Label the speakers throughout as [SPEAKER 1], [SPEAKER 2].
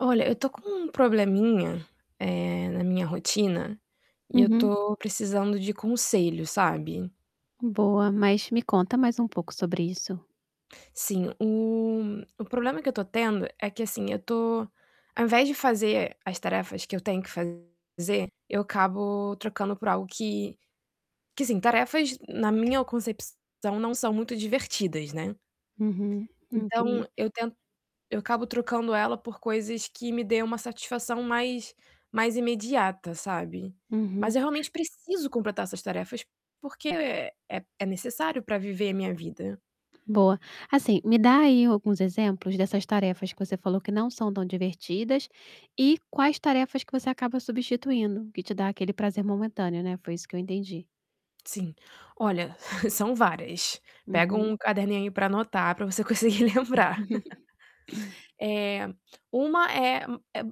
[SPEAKER 1] Olha, eu estou com um probleminha, eh, na minha rotina, e eu
[SPEAKER 2] Uhum.
[SPEAKER 1] estou precisando de conselho, sabe.
[SPEAKER 2] Boa. Mas me conta mais um pouco sobre isso.
[SPEAKER 1] Sim, o o problema que eu estou tendo é que, assim, eu estou ao invés de fazer as tarefas que eu tenho que fazer eu acabo trocando por algo que que assim, tarefas, na minha concepção, não são muito divertidas, né.
[SPEAKER 2] Uhum. Ok.
[SPEAKER 1] Então eu tento eu acabo trocando ela por coisas que me deem uma satisfação mais mais imediata, sabe.
[SPEAKER 2] Uhum.
[SPEAKER 1] Mas eu realmente preciso completar essas tarefas porque, é é necessário para viver a minha vida.
[SPEAKER 2] Boa. Assim, me dá aí alguns exemplos dessas tarefas que você falou que não são tão divertidas, e quais tarefas que você acaba substituindo, que te dá aquele prazer momentâneo, né. Foi isso que eu entendi.
[SPEAKER 1] Sim, olha, são várias. Pega
[SPEAKER 2] Uhum.
[SPEAKER 1] um caderninho aí para anotar, para você conseguir lembrar. Eh, uma é u é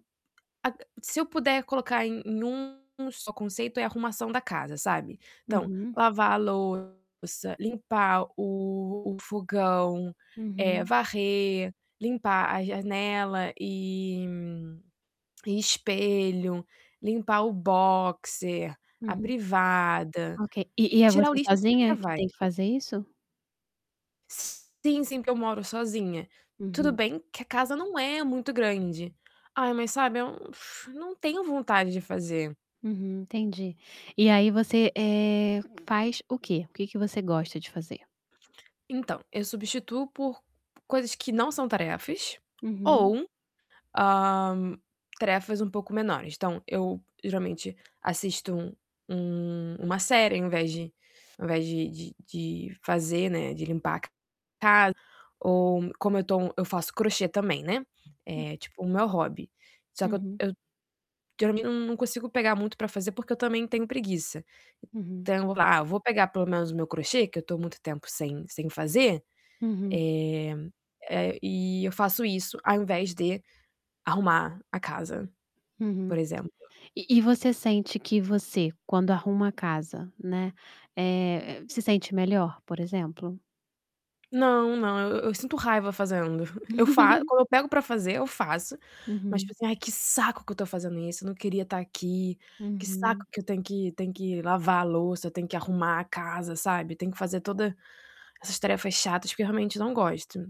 [SPEAKER 1] ac se eu puder colocar em em um só conceito é arrumação da casa, sabe. Então
[SPEAKER 2] Uhum.
[SPEAKER 1] lavar a louça, limpar o o fogão, eh,
[SPEAKER 2] Uhum.
[SPEAKER 1] varrer, limpar a janela e e espelho, limpar o boxe, a
[SPEAKER 2] Uhum.
[SPEAKER 1] privada.
[SPEAKER 2] Ok. E e é
[SPEAKER 1] Tirar o
[SPEAKER 2] você
[SPEAKER 1] lixo, assim, até
[SPEAKER 2] sozinha que
[SPEAKER 1] vai.
[SPEAKER 2] tem que fazer isso?
[SPEAKER 1] Sim, sim, porque eu moro sozinha. Tudo
[SPEAKER 2] Uhum.
[SPEAKER 1] bem que a casa não é muito grande. Ai, mas, sabe, é um fu eu não tenho vontade de fazer.
[SPEAKER 2] Uhum. Entendi. E aí você, eh, faz o quê? O que que você gosta de fazer?
[SPEAKER 1] Então, eu substituo por coisas que não são tarefas,
[SPEAKER 2] Uhum.
[SPEAKER 1] ou, hã, tarefas um pouco menores. Então eu geralmente assisto um um uma série ao invés de ao invés de de de fazer, né, de limpar a casa ou como eu tô eu faço crochê também, né, é tipo o meu hobby. Só que eu
[SPEAKER 2] Uhum.
[SPEAKER 1] eu geralmente não não consigo pegar muito para fazer porque eu também tenho preguiça.
[SPEAKER 2] Uhum.
[SPEAKER 1] Então eu vou: "Ah, vou pegar pelo menos o meu crochê que eu estou muito tempo sem sem fazer".
[SPEAKER 2] Uhum.
[SPEAKER 1] Eh, eh, e eu faço isso ao invés de arrumar a casa,
[SPEAKER 2] Uhum.
[SPEAKER 1] por exemplo.
[SPEAKER 2] E e você sente que você quando arruma casa, né, eh, se sente melhor, por exemplo?
[SPEAKER 1] Não, não. Eu eu sinto raiva fazendo. Eu fa quando eu pego para fazer eu faço, mas, tipo
[SPEAKER 2] Uhum.
[SPEAKER 1] assim: "Ai que saco que eu estou fazendo isso, não queria estar aqui. Que saco
[SPEAKER 2] Uhum.
[SPEAKER 1] que eu tenho que tenho que lavar a louça, tenho que arrumar a casa", sabe. Tenho que fazer toda essas tarefas chatas, porque eu realmente não gosto.